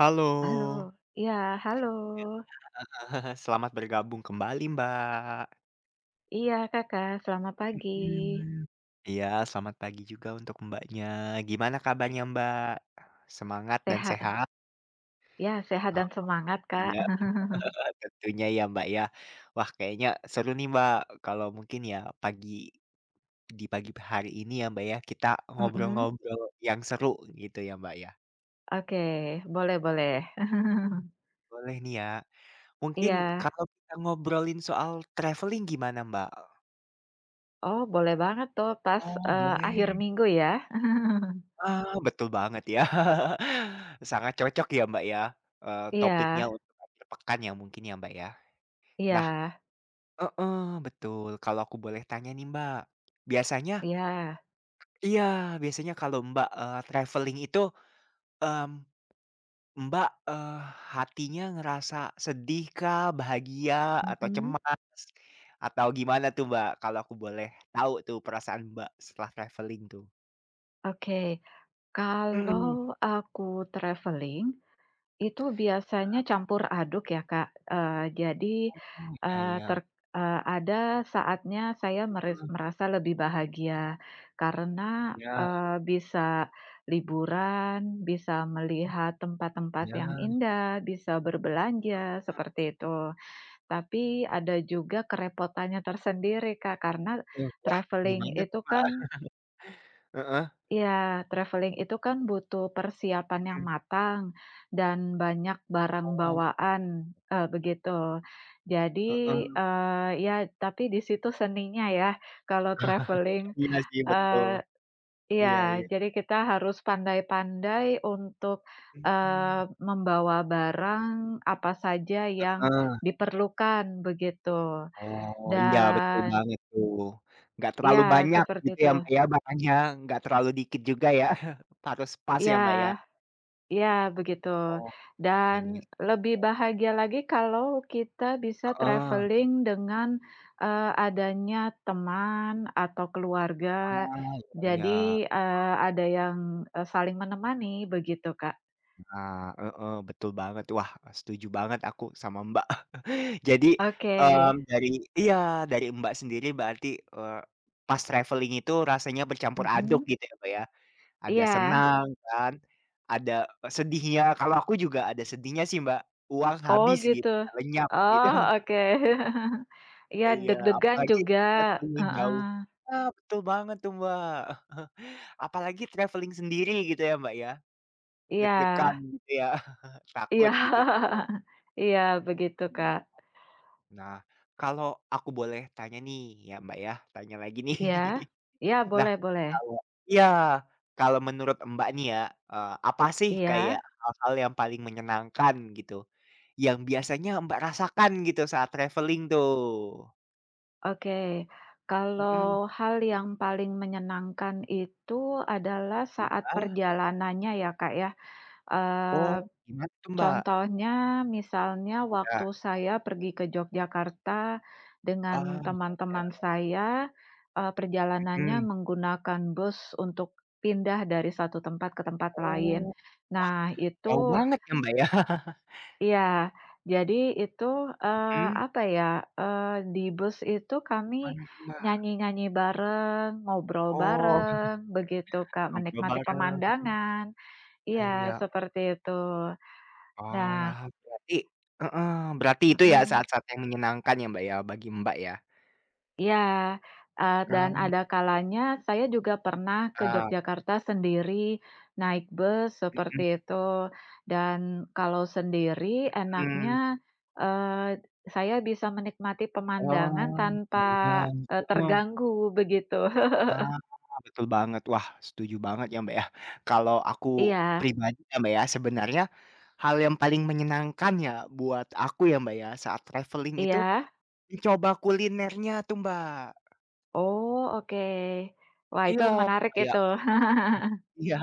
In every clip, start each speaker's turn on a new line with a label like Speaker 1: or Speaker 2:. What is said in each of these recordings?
Speaker 1: Halo.
Speaker 2: Halo, iya, halo.
Speaker 1: Iya, heeh, selamat bergabung kembali, Mbak.
Speaker 2: Iya Kakak, selamat pagi.
Speaker 1: Mhm. Iya, selamat pagi juga untuk Mbaknya. Gimana kabarnya Mbak? Semangat dan
Speaker 2: Sehat.
Speaker 1: sehat?
Speaker 2: Iya, sehat
Speaker 1: Oh.
Speaker 2: dan semangat, Kak.
Speaker 1: Iya, tentunya ya, Mbak, ya. Wah, kayaknya seru nih, Mbak, kalau mungkin ya pagi di pagi hari ini ya Mbak ya, kita
Speaker 2: Mhm.
Speaker 1: ngobrol-ngobrol yang seru gitu ya, Mbak, ya.
Speaker 2: Oke, boleh boleh.
Speaker 1: Mhm. Boleh nih ya. Mungkin
Speaker 2: Iya.
Speaker 1: kalau kita ngobrolin soal traveling gimana, Mbak, e
Speaker 2: Oh, boleh banget tuh pas,
Speaker 1: Oh
Speaker 2: eee, akhir
Speaker 1: boleh.
Speaker 2: minggu ya.
Speaker 1: Ah, betul banget ya. Sangat cocok ya, Mbak, ya, eee, topiknya
Speaker 2: Iya.
Speaker 1: untuk, akhir pekan ya mungkin ya, Mbak, ya? Nah
Speaker 2: Iya.
Speaker 1: heeh, betul. Kalau aku boleh tanya nih, Mbak. Biasanya
Speaker 2: Iya.
Speaker 1: iya, biasanya kalau Mbak, eee, travelling itu, mmm, Mbak, eee, hatinya ngerasa sedih kah, bahagia, atau
Speaker 2: Mhm.
Speaker 1: cemas atau gimana tuh, Mbak? Kalau aku boleh tahu tuh perasaan Mbak, setelah travelling tuh?
Speaker 2: Oke.
Speaker 1: Mhm.
Speaker 2: Kalau aku traveling, itu biasanya
Speaker 1: iya.
Speaker 2: campur aduk ya Kak, eee, jadi,
Speaker 1: Oh, iya
Speaker 2: eee,
Speaker 1: iya.
Speaker 2: ter eee, ada saatnya saya meris
Speaker 1: Heeh.
Speaker 2: merasa lebih bahagia, karena,
Speaker 1: Iya.
Speaker 2: eee, bisa liburan, bisa melihat tempat-tempat
Speaker 1: Iya.
Speaker 2: yang indah, bisa berbelanja,
Speaker 1: [unintelligible]
Speaker 2: seperti itu. Tapi ada juga kerepotannya tersendiri Kak, karena
Speaker 1: Mmm, wah, di
Speaker 2: travelling
Speaker 1: mana tuh,
Speaker 2: itu
Speaker 1: Mbak?
Speaker 2: kan
Speaker 1: Heeh.
Speaker 2: Iya, traveling itu kan butuh persiapan yang
Speaker 1: Mhm.
Speaker 2: matang dan banyak barang
Speaker 1: Oh.
Speaker 2: bawaan, eee, begitu. Jadi,
Speaker 1: Heeh.
Speaker 2: eee, ya tapi di situ seninya ya, kalau traveling,
Speaker 1: Iya sih, betul.
Speaker 2: eee
Speaker 1: Iya
Speaker 2: iya.
Speaker 1: iya.
Speaker 2: Jadi kita harus pandai-pandai untuk, eee,
Speaker 1: Mhm.
Speaker 2: membawa barang apa saja yang
Speaker 1: Heeh.
Speaker 2: diperlukan begitu.
Speaker 1: Oh, iya betul
Speaker 2: Dan
Speaker 1: banget tuh. Nggak
Speaker 2: Iya,
Speaker 1: terlalu banyak
Speaker 2: seperti
Speaker 1: gitu
Speaker 2: itu.
Speaker 1: ya, Mbak ya, makannya nggak terlalu dikit juga ya, harus pas ya,
Speaker 2: Iya.
Speaker 1: Mbak ya?
Speaker 2: Iya begitu.
Speaker 1: Oke,
Speaker 2: Dan
Speaker 1: iya.
Speaker 2: lebih bahagia lagi kalau kita bisa
Speaker 1: Heeh.
Speaker 2: traveling dengan, eee, adanya teman atau keluarga.
Speaker 1: Ah, iya iya.
Speaker 2: Jadi,
Speaker 1: Heeh.
Speaker 2: eee, ada yang, eee, saling menemani begitu, Kak.
Speaker 1: Nah, heeh, betul banget. Wah, setuju banget aku sama Mbak. Jadi,
Speaker 2: Oke.
Speaker 1: mmm, dari iya, dari Mbak sendiri berarti, eee, pas travelling itu rasanya bercampur aduk
Speaker 2: Mhm.
Speaker 1: gitu ya, Mbak ya. Ada
Speaker 2: Iya.
Speaker 1: senang kan? Ada sedihnya, kalau aku juga ada sedihnya sih Mbak, uang
Speaker 2: Oh
Speaker 1: habis
Speaker 2: gitu.
Speaker 1: gitu, lenyap gitu.
Speaker 2: Oh, oke. Iya
Speaker 1: Iya,
Speaker 2: deg-degan
Speaker 1: apalagi
Speaker 2: juga,
Speaker 1: travelling jauh.
Speaker 2: heeh.
Speaker 1: Ah, betul banget tuh Mbak. Apalagi travelling sendiri gitu ya, Mbak, ya? Deg-degan
Speaker 2: Iya.
Speaker 1: gitu ya,
Speaker 2: Iya.
Speaker 1: takut gitukan.
Speaker 2: Iya begitu, Kak.
Speaker 1: Nah, kalau aku boleh tanya nih ya, Mbak ya, tanya lagi nih.
Speaker 2: Iya. Iya,
Speaker 1: Mhm. Nah,
Speaker 2: boleh boleh.
Speaker 1: kalau iya. Kalau menurut Mbak, nih ya, eee, apa sih kayak
Speaker 2: Iya.
Speaker 1: hal-hal yang paling menyenangkan gitu? Yang biasanya Mbak rasakan gitu saat traveling tuh.
Speaker 2: Oke.
Speaker 1: Mhm.
Speaker 2: Kalau hal yang paling menyenangkan itu adalah saat
Speaker 1: Iya.
Speaker 2: perjalanannya ya Kak ya,
Speaker 1: Oh,
Speaker 2: eee,
Speaker 1: gimana tuh Mbak?
Speaker 2: contohnya, misalnya waktu
Speaker 1: Iya.
Speaker 2: saya pergi ke Jogjakarta
Speaker 1: Ah,
Speaker 2: dengan
Speaker 1: iya
Speaker 2: teman-teman
Speaker 1: iya.
Speaker 2: saya, eee, perjalanannya
Speaker 1: Mhm.
Speaker 2: menggunakan bus untuk pindah dari satu tempat ke tempat lain.
Speaker 1: Oh. Wah,
Speaker 2: Nah,
Speaker 1: jauh
Speaker 2: itu
Speaker 1: banget ya Mbak ya.
Speaker 2: Iya, jadi itu, eee,
Speaker 1: Mhm.
Speaker 2: apa ya, eee, di bus itu kami
Speaker 1: Gimana tuh Mbak?
Speaker 2: nyanyi-nyanyi bareng, ngobrol
Speaker 1: Oh. Mhm.
Speaker 2: bareng, begitu Kak,
Speaker 1: Ngobrol
Speaker 2: menikmati
Speaker 1: bareng, mhm.
Speaker 2: pemandangan.
Speaker 1: Iya
Speaker 2: Iya,
Speaker 1: iya. O
Speaker 2: seperti itu. Nah
Speaker 1: Wah, berarti heeh, berarti itu ya
Speaker 2: Mhm.
Speaker 1: saat-saat yang menyenangkan ya, Mbak ya, bagi Mbak ya.
Speaker 2: Iya, eee, dan
Speaker 1: Ram
Speaker 2: ada kalanya saya juga pernah ke
Speaker 1: Ah.
Speaker 2: Jogyakarta sendiri, naik bus seperti
Speaker 1: Mhm.
Speaker 2: itu. Dan kalau sendiri enaknya,
Speaker 1: Mhm.
Speaker 2: eee, saya bisa menikmati pemandangan
Speaker 1: Oh,
Speaker 2: tanpa, eee,
Speaker 1: [unintelligible] heeh.
Speaker 2: terganggu begitu.
Speaker 1: Ah, betul banget. Wah setuju banget ya Mbak ya. Kalau aku
Speaker 2: Iya.
Speaker 1: pribadi ya Mbak ya, sebenarnya hal yang paling menyenangkan ya buat aku ya Mbak ya, saat travelling itu
Speaker 2: Iya.
Speaker 1: mencoba kulinernya tuh Mbak.
Speaker 2: Oh, oke. Wah itu
Speaker 1: Iya,
Speaker 2: menarik
Speaker 1: kayak
Speaker 2: itu.
Speaker 1: Iya,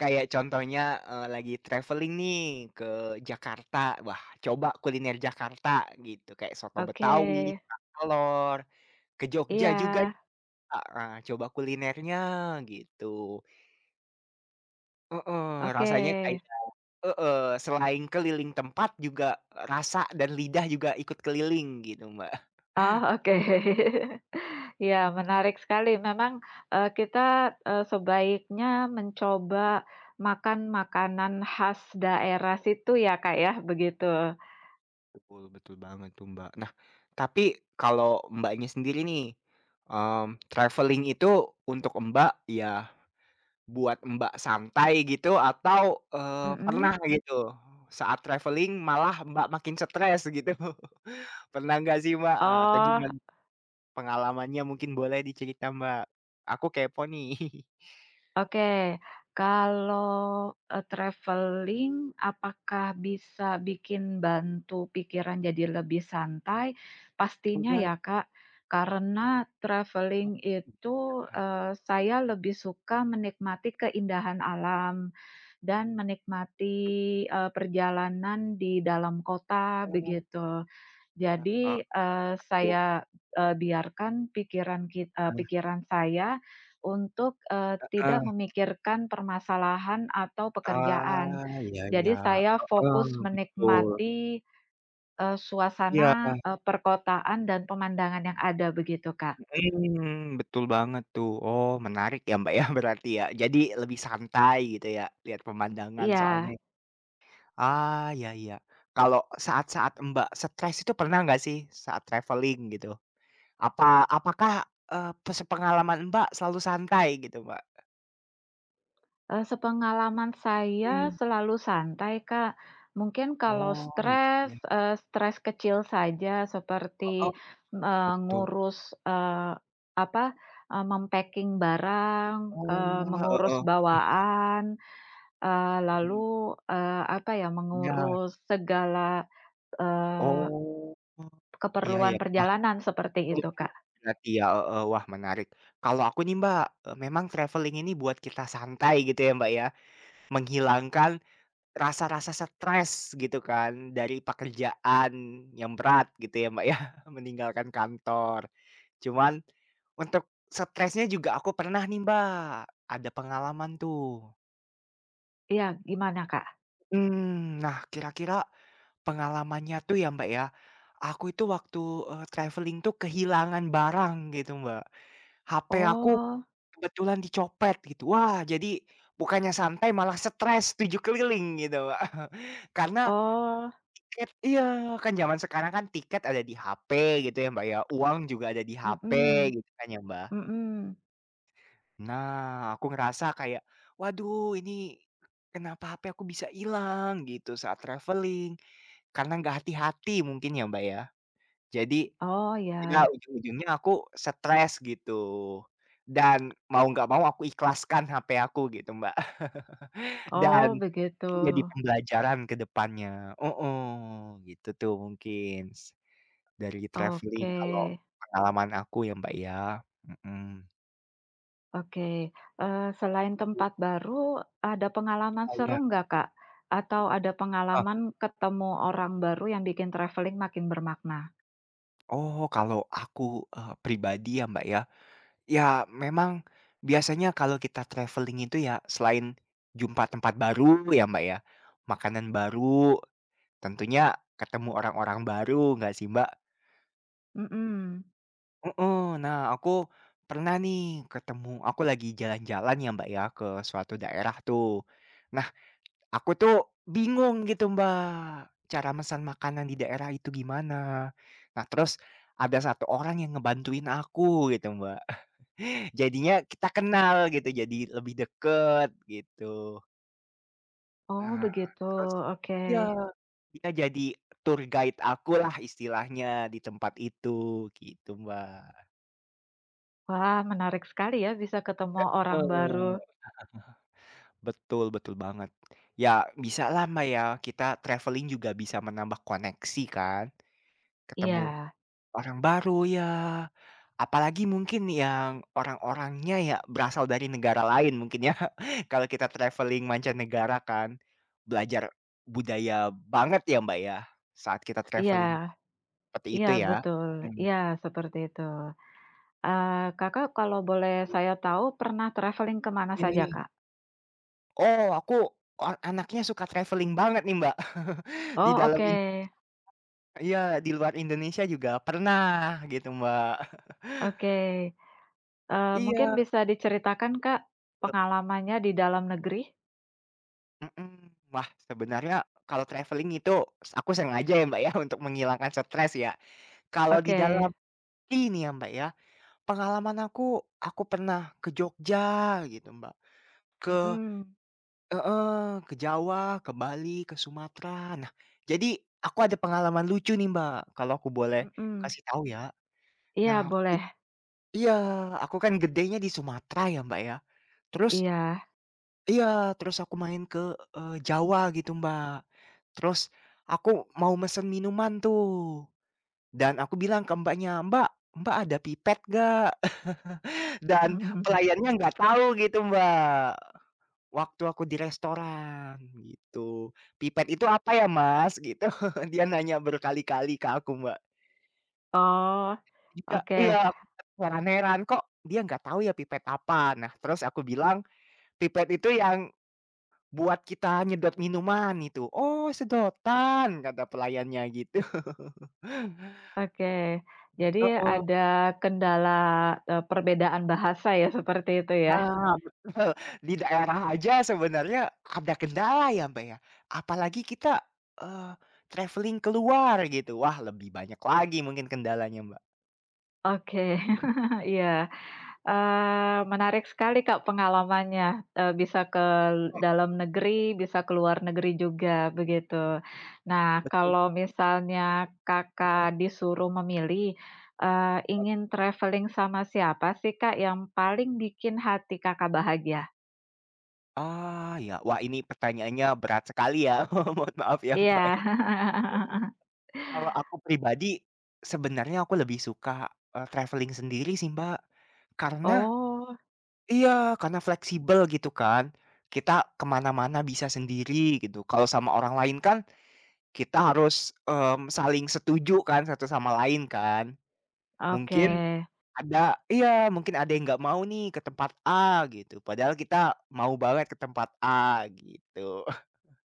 Speaker 1: kayak contohnya, eee, lagi traveling nih ke Jakarta, wah, coba kuliner Jakarta gitu, kayak soto Betawi,
Speaker 2: Oke.
Speaker 1: kerak telor. Ke Jogja
Speaker 2: Iya.
Speaker 1: juga nih Kak, eee, coba kulinernya, gitu. Heeh,
Speaker 2: Oke.
Speaker 1: rasanya kayak heeh, selain keliling tempat juga, rasa dan lidah juga ikut keliling gitu Mbak.
Speaker 2: Oh, oke. Iya, menarik sekali, memang, eee, kita, eee, sebaiknya mencoba makan makanan khas daerah situ ya Kak ya, begitu.
Speaker 1: Betul, betul banget tuh Mbak. Nah, tapi kalau Mbaknya sendiri nih, mmm, traveling itu untuk Mbak, ya buat Mbak santai gitu atau, eee, pernah
Speaker 2: Mhm.
Speaker 1: gitu, saat traveling malah Mbak makin stres gitu. Pernah nggak sih Mbak? Atau
Speaker 2: Oh.
Speaker 1: gimana pengalamannya mungkin boleh dicerita, Mbak? Aku kepo nih.
Speaker 2: Oke, kalau e traveling apakah bisa bikin bantu pikiran jadi lebih santai? Pastinya
Speaker 1: Coba.
Speaker 2: ya Kak. Karena
Speaker 1: Oh,
Speaker 2: traveling itu,
Speaker 1: iya.
Speaker 2: eee, saya lebih suka menikmati keindahan alam dan menikmati,
Speaker 1: Mhm.
Speaker 2: eee, perjalanan di dalam kota,
Speaker 1: Oh.
Speaker 2: begitu. Jadi, eee,
Speaker 1: [unintelligible]
Speaker 2: saya, eee, biarkan pikiran kit eee,
Speaker 1: Heeh.
Speaker 2: pikiran saya untuk, eee,
Speaker 1: Heeh.
Speaker 2: tidak memikirkan permasalahan atau
Speaker 1: Ah,
Speaker 2: pekerjaan.
Speaker 1: iya, iya,
Speaker 2: Jadi saya
Speaker 1: heeh,
Speaker 2: fokus
Speaker 1: betul.
Speaker 2: menikmati, eee,
Speaker 1: Iya.
Speaker 2: suasana, eee, perkotaan dan pemandangan yang ada, begitu Kak.
Speaker 1: Mhm, betul banget tuh. Oh menarik ya Mbak ya berarti ya. Jadi lebih santai gitu ya, lihat pemandangan soalnya.
Speaker 2: Iya.
Speaker 1: Ah, iya iya. Kalau saat-saat Mbak stres itu pernah nggak sih, saat traveling gitu? Apa apakah, eee, pes pengalaman Mbak selalu santai gitu, Mbak?
Speaker 2: Eee, sepengalaman saya
Speaker 1: Mmm.
Speaker 2: selalu santai, Kak. Mungkin kalau
Speaker 1: Oh, iya,
Speaker 2: stres,
Speaker 1: iya.
Speaker 2: eee, stres kecil saja
Speaker 1: Heeh.
Speaker 2: seperti, eee,
Speaker 1: Betul.
Speaker 2: mengurus, eee, apa, eee, mem-packing barang,
Speaker 1: Oh,
Speaker 2: eee, mengurus
Speaker 1: heeh.
Speaker 2: bawaan. Eee,
Speaker 1: Mhm.
Speaker 2: lalu, eee, apa ya,
Speaker 1: Iya.
Speaker 2: mengurus segala, eee,
Speaker 1: Oh. Iya,
Speaker 2: keperluan
Speaker 1: iya, yah.
Speaker 2: perjalanan seperti itu,
Speaker 1: Oke,
Speaker 2: Kak.
Speaker 1: ngerti ya, e eee, wah menarik. Kalau aku nih Mbak, eee, memang traveling ini buat kita santai gitu ya, Mbak, ya. Menghilangkan rasa-rasa stres gitu kan, dari pekerjaan yang berat gitu ya, Mbak, ya meninggalkan kantor. Cuman, untuk stresnya juga aku pernah nih Mbak, ada pengalaman tuh.
Speaker 2: Iya, gimana, Kak?
Speaker 1: Mhm, nah kira-kira, pengalamannya tuh ya, Mbak, ya, aku itu waktu, eee, traveling tuh kehilangan barang gitu Mbak. HP aku
Speaker 2: Oh.
Speaker 1: kebetulan dicopet gitu. Wah jadi bukannya santai malah stres 7 keliling gitu, Mbak, karena,
Speaker 2: Oh.
Speaker 1: tiket iya, kan zaman sekarang kan tiket ada di HP gitu ya, Mbak ya, uang juga ada di HP
Speaker 2: Mhm,
Speaker 1: gitu kan ya, Mbak.
Speaker 2: Mhm.
Speaker 1: Nah, aku ngerasa kayak, waduh ini, kenapa HP aku bisa hilang gitu saat travelling, karena nggak hati-hati mungkin ya, Mbak, ya, jadi.
Speaker 2: Oh,
Speaker 1: Iya,
Speaker 2: iya.
Speaker 1: ujung-ujungnya aku stres gitu. Dan mau nggak mau aku ikhlaskan HP aku gitu, Mbak. Dan.
Speaker 2: Oh begitu.
Speaker 1: Jadi pembelajaran ke depannya. Heeh, gitu tuh mungkin s dari travelling
Speaker 2: Oke.
Speaker 1: kalau pengalaman aku ya, Mbak, ya. Mhm.
Speaker 2: Oke, eee, selain tempat baru, ada pengalaman seru
Speaker 1: Banyak.
Speaker 2: nggak, Kak? Atau ada
Speaker 1: Heeh.
Speaker 2: pengalaman ketemu orang baru yang bikin travelling makin bermakna?
Speaker 1: Oh, kalau aku, eee, pribadi ya, Mbak, ya. Ya memang, biasanya kalau kita travelling itu ya selain, jumpa tempat baru ya, Mbak, ya. Makanan baru. Tentunya ketemu orang-orang baru, nggak sih Mbak?
Speaker 2: Mhm.
Speaker 1: Heeh, nah aku, pernah nih ketemu aku lagi jalan-jalan ya, Mbak, ya ke suatu daerah tuh. Nah, aku tuh bingung gitu Mbak, cara mesan makanan di daerah itu gimana. Nah, terus ada satu orang yang ngebantuin aku gitu Mbak. Jadinya kita kenal gitu, jadi lebih dekat gitu.
Speaker 2: Oh
Speaker 1: Nah,
Speaker 2: begitu,
Speaker 1: terus
Speaker 2: oke.
Speaker 1: iya. Dia jadi tour guide aku lah istilahnya di tempat itu, gitu Mbak.
Speaker 2: Wah, menarik sekali ya, bisa ketemu
Speaker 1: Heeh.
Speaker 2: orang baru.
Speaker 1: Betul betul banget. Ya, bisalah Mbak ya, kita traveling juga bisa menambah koneksi kan? Ketemu,
Speaker 2: Iya.
Speaker 1: orang baru ya. Apalagi mungkin yang orang-orangnya ya, berasal dari negara lain mungkin ya, kalau kita traveling mancanegara kan, belajar budaya banget ya, Mbak ya, saat kita
Speaker 2: Iya.
Speaker 1: traveling. Seperti
Speaker 2: Iya
Speaker 1: itu ya?
Speaker 2: betul,
Speaker 1: Mmm.
Speaker 2: iya seperti itu. Eee, Kakak kalau boleh saya tahu pernah traveling ke mana
Speaker 1: Iya
Speaker 2: saja,
Speaker 1: iya.
Speaker 2: Kak?
Speaker 1: Oh, aku an anaknya suka traveling banget nih, Mbak, di
Speaker 2: Oh
Speaker 1: dalam
Speaker 2: oke.
Speaker 1: in [unintelligible] iya di luar Indonesia juga pernah, gitu Mbak.
Speaker 2: Oke. Eee, mungkin
Speaker 1: Iya.
Speaker 2: bisa diceritakan, Kak?
Speaker 1: [unintelligible]
Speaker 2: Pengalamannya di dalam negeri?
Speaker 1: Mhm. Wah, sebenarnya kalau traveling itu, s aku sengaja ya, Mbak ya, untuk menghilangkan stres ya. Kalau di dalam
Speaker 2: Oke.
Speaker 1: ini ya Mbak, ya. Pengalaman aku aku pernah ke Jogja gitu Mbak. Ke
Speaker 2: Mhm.
Speaker 1: heeh, ke Jawa, ke Bali, ke Sumatra. Nah, jadi aku ada pengalaman lucu nih Mbak, kalau aku boleh
Speaker 2: Mhm.
Speaker 1: kasih tahu ya.
Speaker 2: Iya
Speaker 1: Nah aku i
Speaker 2: boleh.
Speaker 1: iya, aku kan gedenya di Sumatera ya, Mbak ya. Terus
Speaker 2: Iya.
Speaker 1: iya, terus aku main ke, eee, Jawa gitu, Mbak. Terus, aku mau mesen minuman tuh. Dan aku bilang ke Mbaknya, "Mbak, Mbak ada pipet nggak?" Dan
Speaker 2: [unintelligible]
Speaker 1: pelayannya nggak tahu gitu Mbak, waktu aku di restoran, gitu. "Pipet itu apa ya Mas?" gitu, dia nanya berkali-kali ke aku Mbak.
Speaker 2: Oh.
Speaker 1: Jika
Speaker 2: Oke.
Speaker 1: iya, aku terheran-heran, "Kok dia nggak tahu ya pipet apa?" Nah, terus aku bilang, "Pipet itu yang buat kita nyedot minuman itu," "Oh sedotan!" kata pelayannya gitu.
Speaker 2: Oke. Jadi
Speaker 1: Heeh.
Speaker 2: ada kendala, eee, perbedaan bahasa ya, seperti itu ya.
Speaker 1: Nah, betul di daerah aja sebenarnya ada kendala ya Mbak ya, apalagi kita, eee, travelling keluar gitu, wah lebih banyak lagi mungkin kendalanya Mbak.
Speaker 2: Oke. Iya, eee, menarik sekali Kak pengalamannya, eee, bisa ke
Speaker 1: Hmm.
Speaker 2: dalam negeri, bisa ke luar negeri juga, begitu. Nah,
Speaker 1: Betu
Speaker 2: kalau misalnya
Speaker 1: Mhm.
Speaker 2: Kakak disuruh memilih, eee, ingin
Speaker 1: Oke.
Speaker 2: travelling sama siapa sih Kak, yang paling bikin hati Kakak bahagia?
Speaker 1: Ah, iya. Wah, ini pertanyaannya berat sekali ya. Mohon maaf ya, Mbak
Speaker 2: Iya.
Speaker 1: ya. [unintelligible] Kalau aku pribadi sebenarnya aku lebih suka, eee, traveling sendiri sih, Mbak. Karena
Speaker 2: Oh.
Speaker 1: iya, karena fleksibel gitu kan. Kita ke mana-mana bisa sendiri gitu, kalau sama orang lain kan, kita harus, mmm, saling setuju kan satu sama lain kan? Mungkin
Speaker 2: Oke.
Speaker 1: ada iya, mungkin ada yang nggak mau nih ke tempat A gitu, padahal kita mau banget ke tempat A gitu.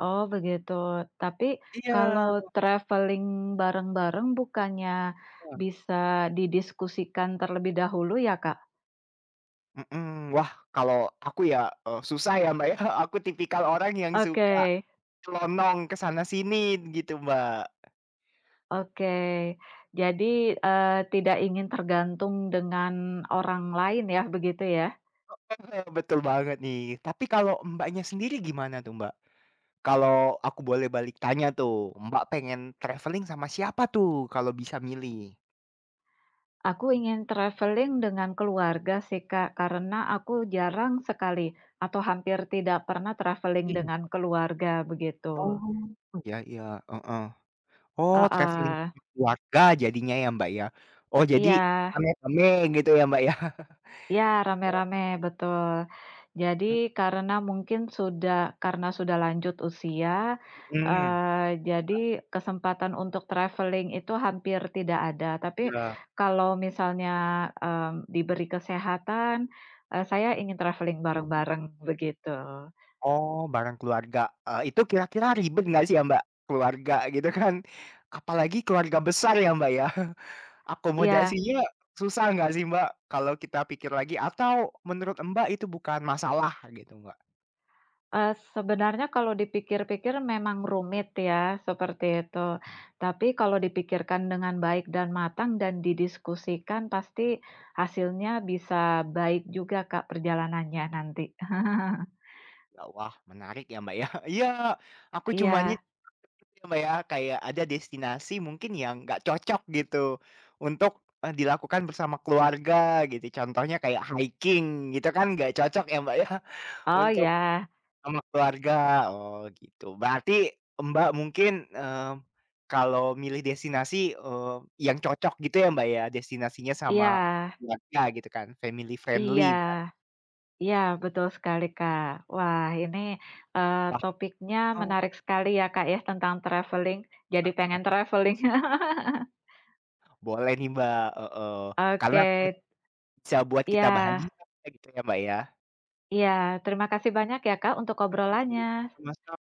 Speaker 2: Oh begitu. Tapi
Speaker 1: Iya.
Speaker 2: kalau traveling bareng-bareng bukannya
Speaker 1: Hah.
Speaker 2: bisa didiskusikan terlebih dahulu ya, Kak?
Speaker 1: Mhm, wah kalau aku ya, eee, susah ya, Mbak ya, aku tipikal orang yang suka,
Speaker 2: Oke.
Speaker 1: nyelonong ke sana-sini gitu Mbak.
Speaker 2: Oke, jadi, eee, tidak ingin tergantung dengan orang lain ya, begitu ya?
Speaker 1: Heeh, betul banget nih. Tapi kalau Mbaknya sendiri gimana tuh, Mbak? Kalau aku boleh balik tanya tuh, Mbak pengen traveling sama siapa tuh, kalau bisa milih?
Speaker 2: Aku ingin traveling dengan keluarga sih, Kak, karena aku jarang sekali atau hampir tidak pernah traveling
Speaker 1: Mhm.
Speaker 2: dengan keluarga, begitu.
Speaker 1: Oh, iya iya, heeh. Oh, travelling
Speaker 2: Heeh.
Speaker 1: sekeluarga jadinya ya, Mbak, ya? Oh, jadi
Speaker 2: Iya.
Speaker 1: rame-rame gitu ya, Mbak, ya?
Speaker 2: Iya,
Speaker 1: Oh.
Speaker 2: rame-rame betul. Jadi
Speaker 1: Mmm.
Speaker 2: karena mungkin sudah karena sudah lanjut usia,
Speaker 1: Mhm,
Speaker 2: eee, jadi
Speaker 1: nah
Speaker 2: kesempatan untuk traveling itu hampir tidak ada. Tapi
Speaker 1: Iya.
Speaker 2: kalau misalnya, mmm, diberi kesehatan, eee, saya ingin traveling
Speaker 1: Mhm.
Speaker 2: bareng-bareng, begitu.
Speaker 1: Oh, bareng keluarga, eee, itu kira-kira ribet nggak sih ya, Mbak, keluarga, gitu kan? Apalagi keluarga besar ya, Mbak, ya.
Speaker 2: Iya.
Speaker 1: Akomodasinya susah nggak sih Mbak, kalau kita pikir lagi? Atau menurut Mbak itu bukan masalah gitu, Mbak?
Speaker 2: Eee, sebenarnya kalau dipikir-pikir memang rumit ya, seperti itu. Tapi kalau
Speaker 1: Iya.
Speaker 2: dipikirkan dengan baik dan matang dan didiskusikan pasti hasilnya bisa baik juga Kak perjalanannya nanti.
Speaker 1: [unintelligible] Ya, wah, menarik ya Mbak ya. Iya, aku cuma nyet
Speaker 2: Iya.
Speaker 1: [unintelligible] Mbak ya, kayak ada destinasi mungkin yang nggak cocok gitu untuk, eee, dilakukan bersama keluarga gitu. Contohnya kayak haiking gitu kan nggak cocok ya Mbak ya,
Speaker 2: Oh,
Speaker 1: untuk
Speaker 2: iya.
Speaker 1: sama keluarga, oh gitu. Berarti Mbak mungkin, mmm, kalau milih destinasi, eee, yang cocok gitu ya Mbak ya, destinasinya sama
Speaker 2: Iya.
Speaker 1: keluarga gitu kan, family
Speaker 2: Iya.
Speaker 1: friendly kan.
Speaker 2: Iya betul sekali Kak. Wah ini, eee,
Speaker 1: Wah.
Speaker 2: topiknya
Speaker 1: Oh.
Speaker 2: menarik sekali ya Kak ya tentang travelling, jadi pengen
Speaker 1: [unintelligible]
Speaker 2: travelling.
Speaker 1: Boleh nih Mbak, heeh, karena traveling
Speaker 2: Oke.
Speaker 1: bisa buat kita
Speaker 2: Iya.
Speaker 1: bahagia gitu ya, Mbak ya.
Speaker 2: Iya, terima kasih banyak ya Kak untuk
Speaker 1: Mhm,
Speaker 2: obrolannya.
Speaker 1: sama-sam